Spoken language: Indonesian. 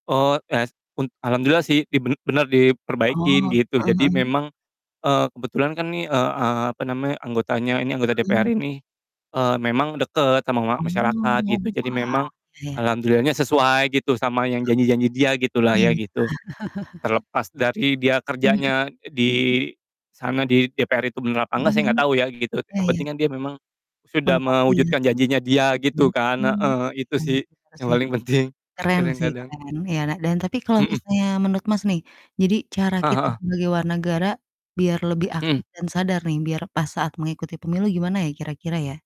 Eee, yas un alhamdulillah sih di ben bener diperbaikin Oh, gitu heeh jadi heeh. memang, eee, kebetulan kan nih, eee eee, apa namanya anggotanya ini anggota DPR Hmm. ini, eee, memang deket sama ma Oh masyarakat iya wah, gitu jadi memang, iya ya. alhamdulillahnya sesuai gitu sama yang Heeh, janji-janji dia gitu lah iya ya iya. gitu, terlepas dari dia Mhm. kerjanya di, sana di DPR itu bener apa nggak Mhm saya nggak mhm, tau ya gitu iya yang ya. penting kan dia memang, sudah Menepati ya? mewujudkan janjinya dia Hmm, gitu kan, mmm. heeh, itu sih Bener yang sih. paling penting, Keren kadang sih kadang. keren ya, nah dan tapi kalau Mhm. misalnya menurut Mas nih jadi cara Heeh kita heeh. sebagai war negara, biar lebih Mhm. aktif dan sadar nih, biar pas saat mengikuti pemilu gimana ya kira-kira ya?